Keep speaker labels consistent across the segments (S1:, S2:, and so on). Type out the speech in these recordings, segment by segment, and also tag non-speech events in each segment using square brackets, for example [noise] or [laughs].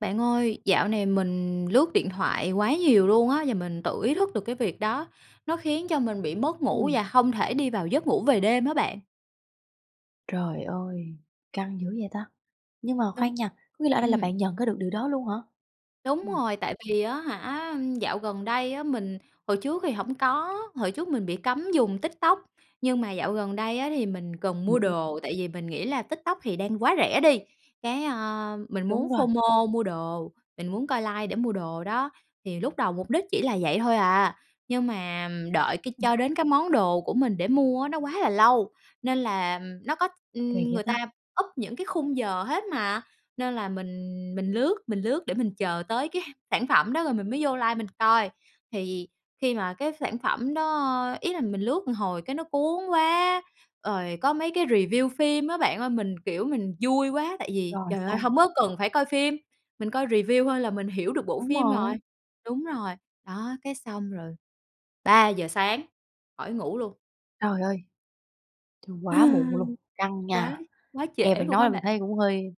S1: Bạn ơi, dạo này mình lướt điện thoại quá nhiều luôn á, và mình tự ý thức được cái việc đó nó khiến cho mình bị mất ngủ
S2: Ừm.
S1: và hông thể đi vào giấc ngủ về đêm á bạn.
S2: Trời ơi! Căng dữ vậy ta? Nhưng mà
S1: Đúng.
S2: khoan nha, có nghĩa là ở đây là
S1: Ừm.
S2: bạn nhận ra được điều đó luôn hả?
S1: Đúng
S2: Ừm.
S1: rồi, tại vì á hả, dạo gần đây á mình hồi trước thì hổng có, hồi trước mình bị cấm dùng TikTok. Nhưng mà dạo gần đây á, thì mình cần mua
S2: [unintelligible]
S1: đồ, tại vì mình nghĩ là TikTok thì đang quá rẻ đi. Cái, ơ, mình muốn
S2: Đúng rồi.
S1: FOMO mua đồ, mình muốn coi live để mua đồ đó. Thì lúc đầu mục đích chỉ là vậy thôi à, nhưng mà, đợi cái
S2: Ừm.
S1: cho đến cái món đồ của mình để mua á, nó quá là lâu, nên là nó có
S2: Kỳ
S1: ưm,
S2: vậy
S1: người
S2: ta?
S1: ta up những cái khung giờ hết mà, nên là mình mình lướt, mình lướt để mình chờ tới cái sản phẩm đó rồi mình mới vô live mình coi. Thì khi mà cái sản phẩm đó ý là mình lướt một hồi cái nó cuốn quá, rồi có mấy cái review phim á bạn ơi, mình, kiểu, mình vui quá, tại vì,
S2: Rồi,
S1: trời ơi,
S2: xong.
S1: hông có cần phải coi phim, mình coi review thôi là mình hiểu được bộ
S2: Đúng
S1: phim rồi
S2: rồi.
S1: đúng rồi. Đó, cái xong rồi 3:00 sáng, khỏi ngủ luôn.
S2: Trời ơi! Trời, quá muộn luôn,
S1: [laughs]
S2: căng
S1: Quá
S2: nha!
S1: quá
S2: Nghe
S1: trễ
S2: bạn
S1: luôn
S2: nói
S1: á
S2: là mình thấy
S1: bạn.
S2: cũng hơi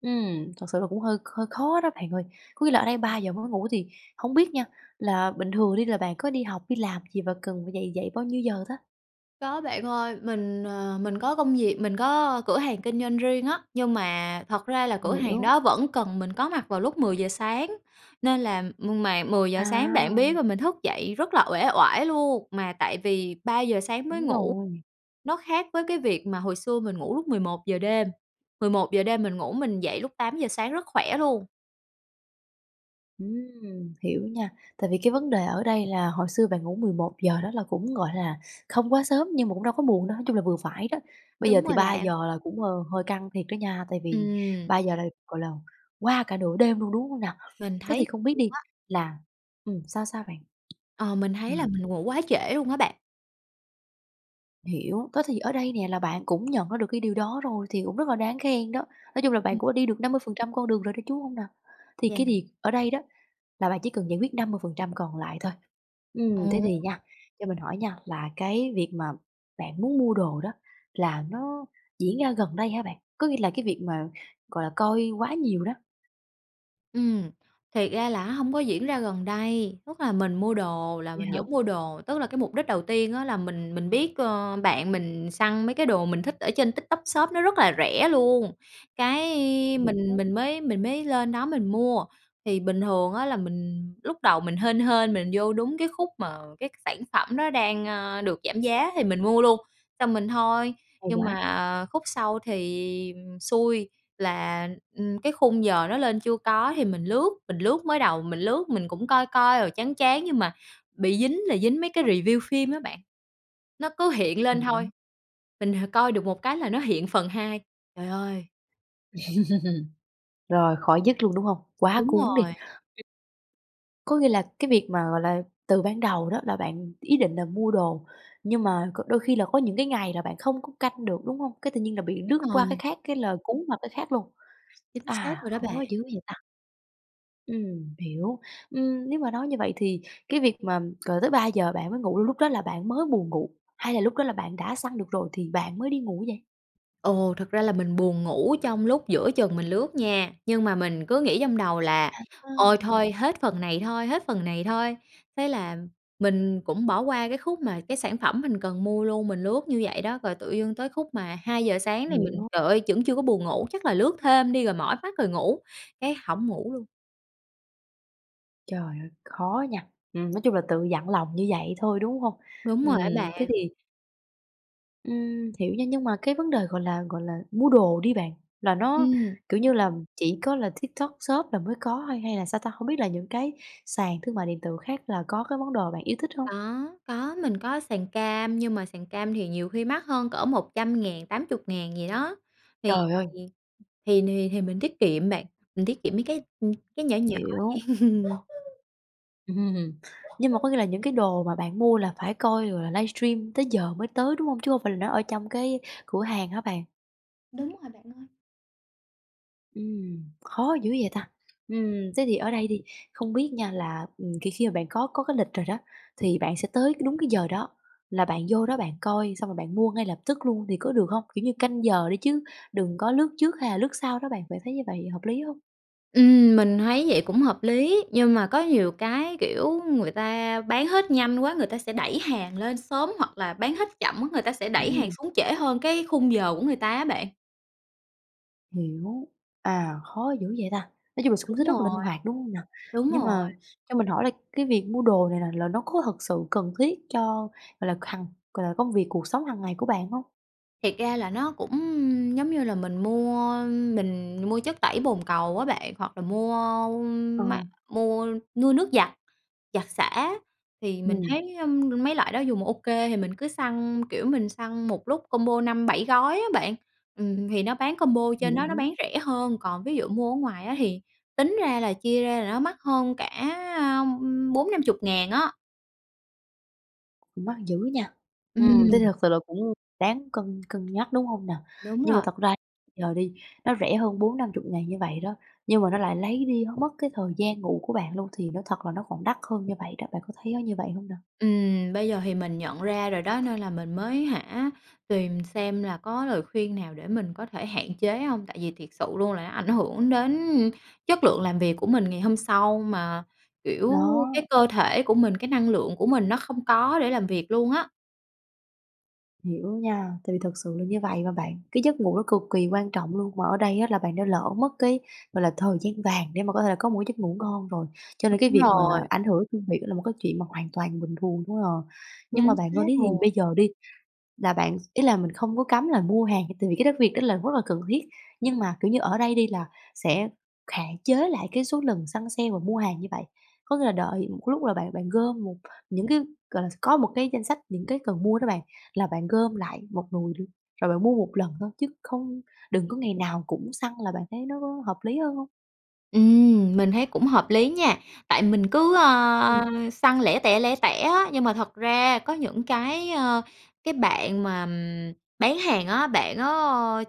S2: ừm, thật sự là cũng hơi hơi khó đó bạn ơi. Có nghĩa là ở đây
S1: Ừ.
S2: 03:00 mới ngủ thì hông biết nha, là bình thường đi là bạn có đi học, đi làm gì và cần phải dậy dậy bao nhiêu giờ ta?
S1: Có bạn ơi, mình, ờ, mình có công việc, mình có cửa hàng kinh doanh riêng á, nhưng mà thật ra là cửa hàng
S2: Hiểu.
S1: đó vẫn cần mình có mặt vào lúc 10:00 sáng nên là mà 10:00 bạn biết
S2: À.
S1: là mình thức dậy rất là uể oải luôn, mà tại vì 03:00 sáng mới
S2: Đúng
S1: ngủ,
S2: rồi.
S1: nó khác với cái việc mà hồi xưa mình ngủ lúc 11:00 đêm, 11:00 đêm mình ngủ mình dậy lúc 08:00 sáng rất khỏe luôn.
S2: Ừm, hiểu nha, tại vì cái vấn đề ở đây là hồi xưa bạn ngủ 11:00 đó là cũng, gọi là, không quá sớm nhưng mà cũng đâu có muộn đâu, nói chung là vừa phải đó. Bây giờ
S1: Đúng rồi
S2: thì ba
S1: bạn.
S2: giờ là cũng, ơ, hơi căng thiệt đó nha, tại vì
S1: Ừm.
S2: 03:00 là, gọi là, qua cả nửa đêm luôn, đúng hông nào?
S1: Mình
S2: Thế
S1: thấy
S2: thì không
S1: luôn
S2: biết đi
S1: á.
S2: là ừm, sao sao bạn?
S1: Ờ, mình thấy là
S2: Ừm.
S1: mình ngủ quá trễ luôn á bạn.
S2: Hiểu, đó thì ở đây nè là bạn cũng nhận ra được cái điều đó rồi thì cũng rất là đáng khen đó. Nói chung là
S1: Ừ.
S2: bạn cũng đi được 50% con đường rồi đó, chứ hông nào? Thì
S1: Yeah.
S2: cái việc ở đây đó là bạn chỉ cần giải quyết 50% còn lại thôi.
S1: Ờ.
S2: Ừm, thế thì nha, cho mình hỏi nha, là cái việc mà bạn muốn mua đồ đó là nó diễn ra gần đây hả bạn? Có nghĩa là cái việc mà, gọi là, coi quá nhiều đó.
S1: Ừm, thiệt ra là á hổng có diễn ra gần đây, tức là mình mua đồ là
S2: Vậy
S1: mình
S2: hả?
S1: vẫn mua đồ. Tức là cái mục đích đầu tiên á là mình mình biết, ơ, bạn mình săn mấy cái đồ mình thích ở trên TikTok Shop nó rất là rẻ luôn, cái mình
S2: Hiểu.
S1: mình mới mình mới lên đó mình mua. Thì bình thường á là mình lúc đầu mình hên hên mình vô đúng cái khúc mà cái sản phẩm đó đang, ơ, được giảm giá thì mình mua luôn, xong mình thôi.
S2: Hay
S1: Nhưng
S2: quá!
S1: mà, ờ, khúc sau thì, ừm, xui là, ưm, cái khung giờ nó lên chưa có thì mình lướt, mình lướt. Mới đầu mình lướt mình cũng coi coi rồi chán chán nhưng mà, bị dính là dính mấy cái review phim á bạn, nó cứ hiện lên thôi,
S2: Hiểu.
S1: mình h coi được một cái là nó hiện phần 2. Trời ơi!
S2: [laughs] Rồi khỏi dứt luôn, đúng hông? Quá
S1: Đúng
S2: cuốn đi.
S1: rồi.
S2: Có nghĩa là cái việc mà, gọi là, từ ban đầu đó là bạn ý định là mua đồ, nhưng mà c đôi khi là có những cái ngày là bạn không có canh được, đúng hông? Cái tự nhiên là
S1: [unintelligible]
S2: bị lướt
S1: Đúng
S2: qua cái
S1: rồi.
S2: khác, cái là cuốn vào cái khác luôn?
S1: Chính xác
S2: À,
S1: rồi đó
S2: khó
S1: bạn.
S2: dữ vậy ta! Ừm, hiểu. Ừm, nếu mà nói như vậy thì cái việc mà cờ tới 3:00 bạn mới ngủ, lúc đó là bạn mới buồn ngủ, hay là lúc đó là bạn đã săn được rồi thì bạn mới đi ngủ vậy?
S1: Ồ, thật ra là mình buồn ngủ trong lúc giữa chừng mình lướt nha, nhưng mà mình cứ nghĩ trong đầu là ôi
S2: À.
S1: thôi hết phần này thôi, hết phần này thôi, thế là mình cũng bỏ qua cái khúc mà cái sản phẩm mình cần mua luôn. Mình lướt như vậy đó, rồi tự dưng tới khúc mà 2:00 sáng thì mình
S2: Hiểu.
S1: trời ơi, vẫn chưa có buồn ngủ, chắc là lướt thêm đi rồi mỏi mắt rồi ngủ, cái hổng ngủ luôn.
S2: Trời ơi, khó nha! Ừm, nói chung là tự dặn lòng như vậy thôi, đúng hông?
S1: Đúng rồi á
S2: Ừm thế
S1: bạn!
S2: thì Ừm hiểu nha, nhưng mà cái vấn đề, gọi là gọi là, mua đồ đi bạn, là nó,
S1: Ừm.
S2: kiểu như là, chỉ có là TikTok Shop là mới có thôi, hay là sao ta? Hông biết là những cái sàn thương mại điện tử khác là có cái món đồ bạn yêu thích hông?
S1: Có, có, mình có sàn cam nhưng mà sàn cam thì nhiều khi mắc hơn cỡ 100.000, 80.000 gì đó. Thì
S2: Trời ơi!
S1: thì thì thì thì mình tiết kiệm bạn, mình tiết kiệm mấy cái, ưm, cái nhỏ nhỏ
S2: Hiểu.
S1: vậy. [laughs]
S2: Ừm. Nhưng mà có nghĩa là những cái đồ mà bạn mua là phải coi rồi là livestream tới giờ mới tới, đúng hông? Chứ không phải là nó ở trong cái cửa hàng hả bạn?
S1: Đúng rồi bạn ơi.
S2: Ừm, khó dữ vậy ta! Ừm, thế thì ở đây đi không biết nha là ừm, thì khi mà bạn có có cái lịch rồi đó, thì bạn sẽ tới đúng cái giờ đó là bạn vô đó bạn coi, xong rồi bạn mua ngay lập tức luôn thì có được hông? Kiểu như canh giờ đi chứ đừng có lướt trước hay là lướt sau đó bạn, bạn thấy như vậy hợp lý hông?
S1: Ừm, mình thấy vậy cũng hợp lý, nhưng mà có nhiều cái, kiểu, người ta bán hết nhanh quá người ta sẽ đẩy hàng lên sớm, hoặc là bán hết chậm quá người ta sẽ đẩy hàng
S2: Ừm.
S1: xuống trễ hơn cái khung giờ của người ta á bạn.
S2: Hiểu, à, khó dữ vậy ta! Nói chung là x cũng
S1: Đúng
S2: rất là linh
S1: rồi.
S2: hoạt, đúng hông nào?
S1: Đúng
S2: Nhưng
S1: rồi.
S2: mà cho mình hỏi là cái việc mua đồ này là là nó có thật sự cần thiết cho, gọi là, hằng gọi là, công việc, cuộc sống hàng ngày của bạn hông?
S1: Thiệt ra là nó cũng giống như là mình mua mình mua chất tẩy bồn cầu á bạn, hoặc là mua
S2: Ờ.
S1: máy mua mua nước giặt giặt xả thì mình
S2: Ừm.
S1: thấy, ừm, mấy loại đó dùng OK thì mình cứ săn, kiểu, mình săn một lúc combo 5-7 gói á bạn, ừm, thì nó bán combo trên đó nó
S2: Hiểu.
S1: bán rẻ hơn, còn ví dụ mua ở ngoài á thì tính ra là chia ra là nó mắc hơn cả 40.000-50.000 á.
S2: Cũng mắc dữ nha! Ừm, thế thì
S1: Ừm.
S2: thật sự là cũng đáng cân cân nhắc, đúng hông nè?
S1: Đúng
S2: Nhưng mà
S1: rồi.
S2: thật ra giờ đi nó rẻ hơn 40.000-50.000 như vậy đó, nhưng mà nó lại lấy đi nó mất cái thời gian ngủ của bạn luôn, thì nói thật là nó còn đắt hơn như vậy đó, bạn có thấy nó như vậy hông nè?
S1: Ừm, bây giờ thì mình nhận ra rồi đó nên là mình mới hả, tìm xem là có lời khuyên nào để mình có thể hạn chế hông, tại vì thiệt sự luôn là nó ảnh hưởng đến chất lượng làm việc của mình ngày hôm sau. Mà, kiểu, cái
S2: Đó.
S1: cơ thể của mình, cái năng lượng của mình nó không có để làm việc luôn á.
S2: Hiểu nha, tại vì thật sự là như vậy mà bạn. Cái giấc ngủ nó cực kỳ quan trọng luôn, mà ở đây á là bạn đã lỡ mất cái, gọi là, thời gian vàng để mà có thể là có một cái giấc ngủ ngon rồi. Cho nên cái
S1: Đúng
S2: việc mà là
S1: rồi.
S2: ảnh hưởng công việc đó là một cái chuyện mà hoàn toàn bình thường thôi à. Nhưng
S1: Chính
S2: mà bạn có
S1: xác
S2: biết thì
S1: rồi.
S2: bây giờ đi là bạn s ý là mình không có cấm là mua hàng, tại vì cái đấy việc đó là rất là cần thiết, nhưng mà, kiểu như, ở đây đi là sẽ hạn chế lại cái số lần săn sale và mua hàng như vậy. Có nghĩa là đợi một lúc là bạn bạn gom một những cái gọi là sao, có một cái danh sách những cái cần mua đó bạn. Là bạn gom lại một nùi luôn, rồi bạn mua một lần thôi chứ không đừng có ngày nào cũng săn là bạn thấy nó có hợp lý hơn hông?
S1: Ừm, mình thấy cũng hợp lý nha! Tại mình cứ,
S2: Ừm.
S1: ơ, săn lẻ tẻ, lẻ tẻ á nhưng mà thật ra, có những cái, ơ cái bạn mà bán hàng á, bạn á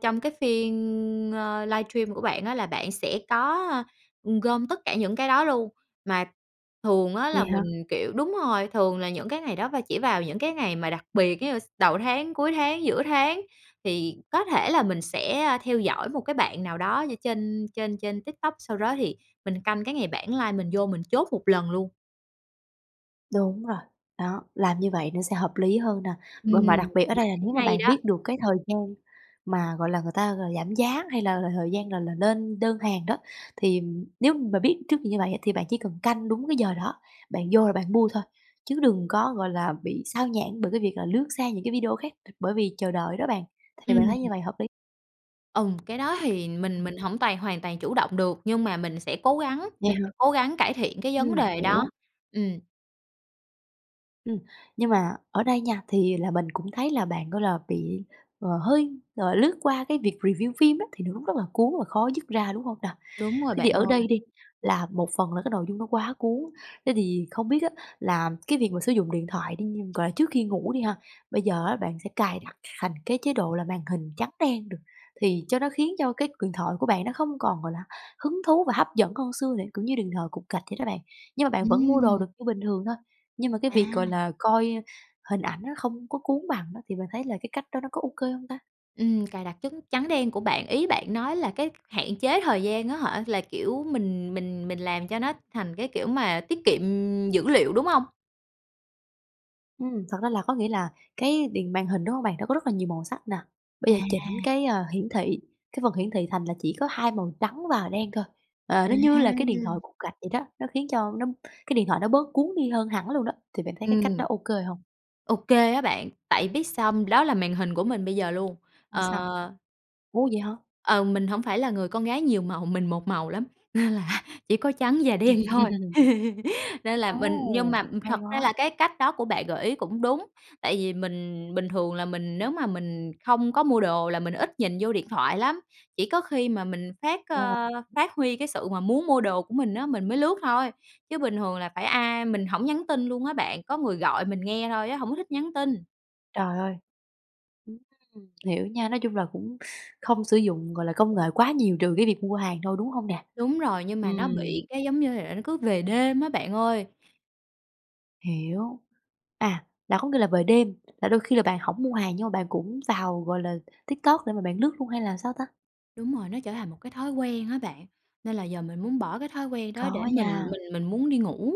S1: trong cái phiên, ơ, livestream của bạn á là bạn sẽ có, ưm, gom tất cả những cái đó luôn. Mà thường á là
S2: Vậy hả?
S1: mình, kiểu đúng rồi, thường là những cái ngày đó và chỉ vào những cái ngày mà đặc biệt giống như s đầu tháng, cuối tháng, giữa tháng, thì có thể là mình sẽ, ơ, theo dõi một cái bạn nào đó như trên trên trên TikTok, sau đó thì mình canh cái ngày bản live mình vô mình chốt một lần luôn.
S2: Đúng rồi. Đó, làm như vậy nó sẽ hợp lý hơn nè.
S1: Ừm,
S2: B Mà đặc biệt ở
S1: mình
S2: đây là,
S1: thấy
S2: nếu mà
S1: hay
S2: bạn
S1: đó.
S2: biết được cái thời gian mà, gọi là, người ta ng giảm giá hay là thời gian là là lên đơn hàng đó, thì nếu mà biết trước được như vậy á, thì bạn chỉ cần canh đúng cái giờ đó, bạn vô là bạn mua thôi. Chứ đừng có, gọi là, bị xao nhãng bởi cái việc là lướt sang những cái video khác th bởi vì chờ đợi đó bạn, thì
S1: Ừm.
S2: bạn thấy như vậy hợp lý
S1: Ừm, cái đó thì mình mình hổng toàn hoàn toàn chủ động được, nhưng mà mình sẽ cố gắng
S2: Vậy
S1: mình
S2: hả?
S1: sẽ cố gắng cải thiện cái vấn
S2: Ừm,
S1: đề đó.
S2: hiểu.
S1: Ừm.
S2: Ừm, nhưng mà ở đây nha thì là mình cũng thấy là bạn, gọi là, bị, ờ, hơi, gọi là, lướt qua cái việc review phim đó, thì nó cũng rất là cuốn và khó dứt ra, đúng hông nè?
S1: Đúng rồi
S2: Thế thì
S1: bạn
S2: ở đây
S1: ơi.
S2: đi là một phần là cái nội dung nó quá cuốn, thế thì không biết á là cái việc mà sử dụng điện thoại đi như, gọi là, trước khi ngủ đi ha, bây giờ á bạn sẽ cài đặt thành cái chế độ là màn hình trắng đen được, thì cho nó khiến cho cái điện thoại của bạn nó không còn, gọi là, hứng thú và hấp dẫn hơn xưa để, kiểu như, đừng thờ cục gạch vậy đó bạn. Nhưng mà bạn vẫn mua đồ
S1: Ừm.
S2: được như bình thường thôi, nhưng mà cái việc, gọi
S1: À.
S2: là, coi hình ảnh nó không có cuốn bằng đó, thì bạn thấy là cái cách đó nó có ô kê hông ta?
S1: Ừm, cài đặt chấn trắng đen của bạn, ý bạn nói là cái hạn chế thời gian á hả, là kiểu, mình mình mình làm cho nó thành cái kiểu mà tiết kiệm dữ liệu, đúng hông?
S2: Ừm, thật ra là có nghĩa là cái điện màn hình, đúng hông bạn? Nó có rất là nhiều màu sắc nè, bây
S1: À.
S2: giờ chỉnh cái, ơ, hiển thị, cái phần hiển thị thành là chỉ có hai màu trắng và đen thôi, ờ,
S1: À.
S2: nó như là cái điện thoại cục gạch vậy đó, nó khiến cho nó cái điện thoại nó bớt cuốn đi hơn hẳn luôn đó, thì bạn thấy cái cách
S1: Ừm.
S2: đó ô kê hông?
S1: Ô kê á bạn. Tại biết sao hông? Đó là màn hình của mình bây giờ luôn.
S2: A, sao?
S1: Ờ
S2: Ủa, vậy hả?
S1: ...ờ, mình hổng phải là người con gái nhiều màu, mình một màu lắm, nên là, chỉ có trắng và đen thôi.
S2: [laughs]
S1: Nên là mình nhưng
S2: Ô,
S1: mà thật
S2: hay
S1: ra
S2: quá.
S1: là cái cách đó của bạn gợi ý cũng đúng. Tại vì mình bình thường là mình nếu mà mình không có mua đồ là mình ít nhìn vô điện thoại lắm, chỉ có khi mà mình phát,
S2: Ra là
S1: ơ, phát huy cái sự mà muốn mua đồ của mình á, mình mới lướt thôi. Chứ bình thường là phải ai mình hổng nhắn tin luôn á bạn, có người gọi mình nghe thôi á, hổng có thích nhắn tin.
S2: Trời ơi! Ừm, ừm, hiểu nha, nói chung là cũng không sử dụng, gọi là, công nghệ quá nhiều, trừ cái việc mua hàng thôi, đúng hông nè?
S1: Đúng rồi, nhưng mà nó
S2: Ừm.
S1: bị cái, giống như là, nó cứ về đêm á bạn ơi.
S2: Hiểu. À, là có nghĩa là về đêm, là đôi khi là bạn hổng mua hàng, nhưng mà bạn cũng vào, gọi là, TikTok để mà bạn lướt luôn hay là làm sao ta?
S1: Đúng rồi, nó trở thành một cái thói quen á bạn, nên là giờ mình muốn bỏ cái thói quen đó để
S2: Khó
S1: mình
S2: nha.
S1: mình mình muốn đi ngủ.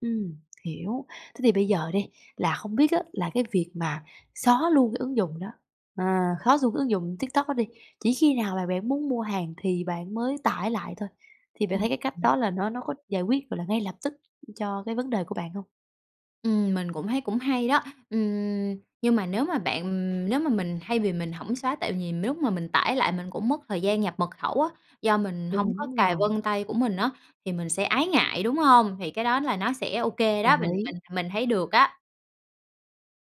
S2: Ừm, hiểu. Thế thì bây giờ đi là không biết á, là cái việc mà xóa luôn cái ứng dụng đó, à, xóa luôn cái ứng dụng TikTok đó đi, chỉ khi nào mà bạn muốn mua hàng thì bạn mới tải lại thôi, thì bạn thấy cái cách
S1: [unintelligible]
S2: đó là nó nó có giải quyết, gọi là, ngay lập tức cho cái vấn đề của bạn hông?
S1: Ừm, mình cũng thấy cũng hay đó. Ừm, nhưng mà nếu mà bạn ừm, nếu mà mình thay vì mình hổng xóa, tại vì nếu mà mình tải lại mình cũng mất thời gian nhập mật khẩu á, do mình hông có
S2: Đúng
S1: cài
S2: rồi.
S1: vân tay của mình á, thì mình sẽ ái ngại, đúng hông? Thì cái đó là nó sẽ ô kê đó,
S2: Đồng
S1: mình
S2: ý.
S1: mình mình thấy được á.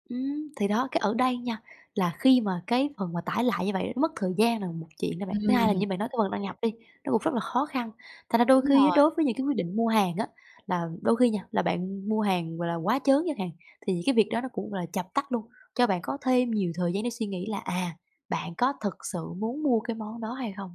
S2: Ừm, thì đó! Cái ở đây nha, là khi mà cái phần mà tải lại như vậy nó mất thời gian là một chuyện đó bạn. Thứ hai là
S1: Ừm.
S2: như bạn nói cái phần đăng nhập đi, nó cũng rất là khó khăn, thành ra đôi
S1: Đúng
S2: khi á,
S1: rồi.
S2: đối với những cái quyết định mua hàng á, là đôi khi nha là bạn mua hàng, gọi là, quá trớn chẳng hạn, thì những cái việc đó nó cũng, gọi là, chập tắt luôn, cho bạn có thêm nhiều thời gian để suy nghĩ là, à, bạn có thực sự muốn mua cái món đó hay không.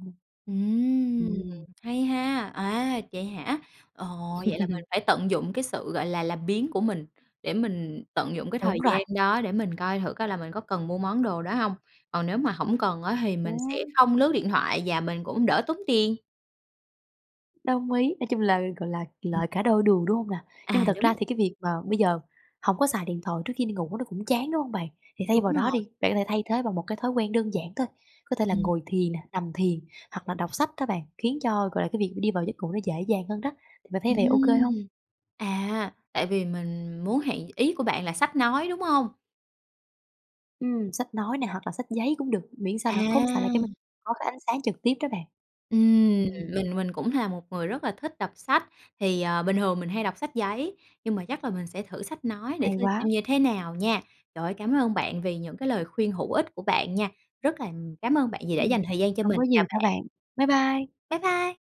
S1: Ừm,
S2: Ừm.
S1: hay ha! À, vậy hả? Ồ, vậy là mình
S2: [laughs]
S1: phải tận dụng cái sự, gọi là, làm biếng của mình, để mình tận dụng cái thời
S2: Đúng
S1: gian
S2: rồi.
S1: đó để mình coi thử coi là mình có cần mua món đồ đó hông. Còn nếu mà hổng cần á, thì mình sẽ
S2: Ừm.
S1: không lướt điện thoại và mình cũng đỡ tốn tiền.
S2: Đồng ý! Nói chung là, gọi là, lợi cả đôi đường, đúng hông nà? Nhưng mà
S1: À,
S2: thật
S1: đúng.
S2: ra thì cái việc mà bây giờ hổng có xài điện thoại trước khi đi ngủ, nó cũng chán, đúng hông bạn? Thì thay
S1: Đúng
S2: vào đó
S1: rồi.
S2: đi, bạn có thể thay thế bằng một cái thói quen đơn giản thôi, có thể là
S1: Ừm.
S2: ngồi thiền nè, nằm thiền, hoặc là đọc sách đó bạn, khiến cho, gọi là, cái việc đi vào giấc ngủ nó dễ dàng hơn đó thì bạn thấy vậy ô kê hông?
S1: Ừm. À, tại vì mình muốn hạn ý của bạn là sách nói, đúng hông?
S2: Ừm. Sách nói nè hoặc là sách giấy cũng được, miễn sao là không phải là cái m
S1: À.
S2: có cái ánh sáng trực tiếp đó bạn.
S1: Ừm.
S2: Ừm.
S1: Mình mình cũng là một người rất là thích đọc sách, thì, ờ, bình thường mình hay đọc sách giấy, nhưng mà chắc là mình sẽ thử sách nói để
S2: Hay
S1: thử xem
S2: quá!
S1: như thế nào nha. Trời ơi, cảm ơn bạn vì những cái lời khuyên hữu ích của bạn nha. Rất là cám ơn bạn vì đã
S2: Ừm.
S1: dành thời gian cho
S2: Hông
S1: mình.
S2: có gì
S1: Chào
S2: đâu
S1: bạn.
S2: bạn. Bye bye.
S1: Bye bye!